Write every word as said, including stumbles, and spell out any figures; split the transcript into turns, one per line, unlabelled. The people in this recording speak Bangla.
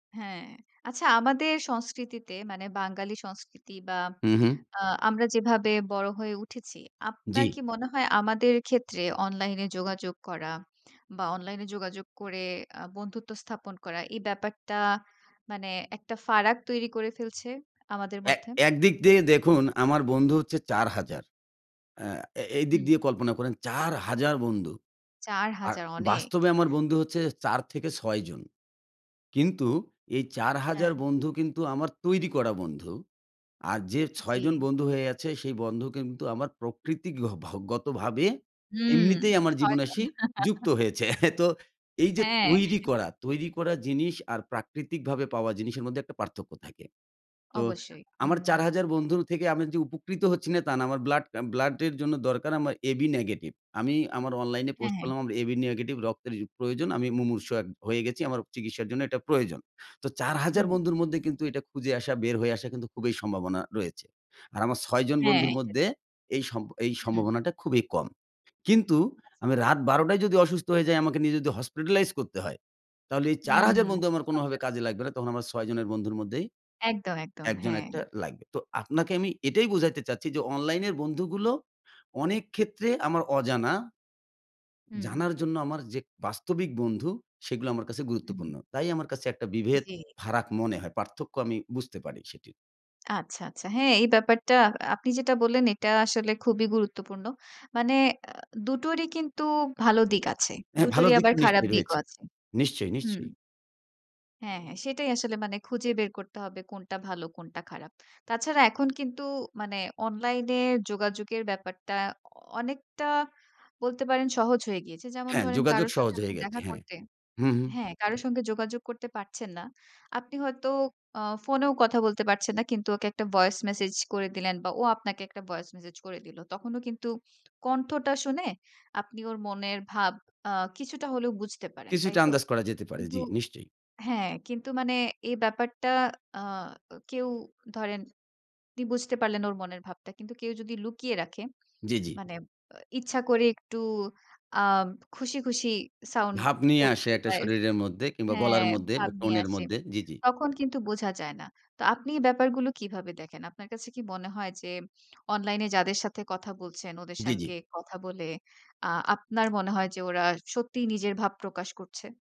হ্যাঁ। আচ্ছা আমাদের সংস্কৃতিতে মানে বাঙালি সংস্কৃতি বা
হুম, হুম।
আ আমরা যেভাবে বড় হয়ে উঠেছি আপনার কি
জি।
মনে হয় আমাদের ক্ষেত্রে অনলাইন এ যোগাযোগ করা বা অনলাইন এ যোগাযোগ করে আ বন্ধুত্ব স্থাপন করা এই ব্যাপারটা মানে একটা ফারাক তৈরি করে ফেলছে আমাদের
এ
মধ্যে?
একদিক দিয়ে দেখুন, আমার বন্ধু হচ্ছে চার হাজার। আ এ এইদিক
হুম।
দিয়ে কল্পনা করেন চার হাজার বন্ধু।
চার
আর
হাজার অনেক।
বাস্তবে আমার বন্ধু হচ্ছে চার থেকে ছয় জন। কিন্তু এই চার হাজার
হ্যাঁ।
বন্ধু কিন্তু আমার তৈরি করা বন্ধু। আর যে, ছয় জন
জ্বী।
বন্ধু হয়ে আছে সেই বন্ধু কিন্তু আমার প্রকৃতিক গ ভ গতভাবে
হুম,
এমনিতেই আমার
ছয়
জীবন
জন।
আসি যুক্ত হয়েছে। তো এই যে
হ্যাঁ।
তৈরি করা, তৈরি করা জিনিস আর প্রাকৃতিকভাবে পাওয়া জিনিসের মধ্যে একটা পার্থক্য থাকে। তো
অবশ্যই
আমার
হুম।
চার হাজার বন্ধুর থেকে আমি যে উপকৃত হচ্ছি না তা না। আমার ব্লাড, ব্লাডের জন্য দরকার আমার এ-বি নেগেটিভ। আমি আমার অনলাইনে
হ্যাঁ,
পোস্ট
হ্যাঁ।
করলাম আমার এ-বি নেগেটিভ রক্তের প্র প্রয়োজন, আমি মুমূর্ষু এক হয়ে গেছি। আমার চিকিৎসার জন্য এটা প্রয়োজন। তো চার
হুম।
বন্ধুর মধ্যে কিন্তু এটা খুঁজে আসা বের হয়ে আসা কিন্তু খুবই সম্ভাবনা রয়েছে। আর আমার ছয় জন
হ্যাঁ,
বন্ধুর
এটা ঠিক।
মধ্যে এই সম এই
হুম।
সম্ভাবনাটা খুবই কম। কিন্তু
আচ্ছা।
আমি রাত বারো টায় যদি অসুস্থ হয়ে যাই আমাকে নিয়ে যদি হসপিটালাইজ করতে হয়, তাহলে এই চার হাজার
হুম।
বন্ধু
আপনার
আমার
ছয়
কোনভাবে
জন বন্ধু।
কাজে লাগবে না। তখন আমার ছয় জনের বন্ধুর মধ্যেই
একদম, একদম,
একজন
হ্যাঁ।
একটা লাগবে। তো আপনাকে আমি এটাই বুঝাইতে চাচ্ছি যে, অনলাইন এর বন্ধুগুলো অনেক ক্ষেত্রে আমার অজানা।
হুম।
জানার জন্য আমার যে বাস্তবিক বন্ধু সেগুলো আমার কাছে
হুম।
গুরুত্বপূর্ণ। তাই আমার কাছে একটা বিভেদ
জি।
ফারাক মনে হয়। পার্থক্য আমি বুঝতে পারি সেটির।
আচ্ছা, আচ্ছা। হ্যাঁ এই ব্যাপারটা আপনি যেটা বললেন এটা আসলে খুবই গুরুত্বপূর্ণ। মানে আ দুটোরই কিন্তু ভালো দিক আছে।
হ্যাঁ, ভালো
দুটোরই
দিক
আবার
তো
খারাপ
নিশ্চয়ই
দিকও
রয়েছে।
আছে।
নিশ্চয়ই,
হুম।
নিশ্চয়ই।
হ্যাঁ, হ্যাঁ সেটাই আসলে মানে খুঁজে বের করতে হবে কোনটা ভালো কোনটা খারাপ। তাছাড়া এখন কিন্তু মানে অনলাইন এ যোগাযোগের ব্যাপারটা অনেকটা বলতে পারেন সহজ হয়ে গিয়েছে। যেমন
হ্যাঁ,
ধরেন
যোগাযোগ
কারো
সহজ
সাথে তো
হয়ে গেছে।
দেখা
হ্যাঁ।
করতে।
হুম, হুম।
হ্যাঁ কারো সঙ্গে যোগাযোগ করতে পারছেন না। আপনি হয়তো আ ফোনেও কথা বলতে পারছেন না কিন্তু ওকে একটা ভয়েস মেসেজ করে দিলেন বা ও আপনাকে একটা ভয়েস মেসেজ করে দিল। তখনও কিন্তু কণ্ঠটা শুনে আপনি ওর মনের ভাব আ কিছুটা হলেও বুঝতে পারেন, তাই
কিছুটা
তো?
আন্দাজ করা যেতে পারে,
কিন্তু
জি নিশ্চয়ই।
হ্যাঁ, কিন্তু মানে এই ব্যাপারটা আ কেউ ধরেন আপনি বুঝতে পারলেন ওর মনের ভাবটা। কিন্তু কেউ যদি লুকিয়ে রাখে,
জি, জি।
মানে ইচ্ছা করে একটু আ খুশি, খুশি সাউন্ড
ভাব নিয়ে
করছে
আসে একটা
ভয়েস।
শরীরের মধ্যে কিংবা
হ্যাঁ,
গলার মধ্যে
ভাব
বা টোন
নিয়ে
এর
আসে।
মধ্যে, জি ,জি।
তখন কিন্তু বোঝা যায় না। তো আপনি এই ব্যাপারগুলো কিভাবে দেখেন? আপনার কাছে কি মনে হয় যে, অনলাইন এ যাদের সাথে কথা বলছেন, ওদের
জি, জি।
সঙ্গে কথা বলে আ আপনার মনে হয় যে ওরা সত্যিই নিজের ভাব প্রকাশ করছে?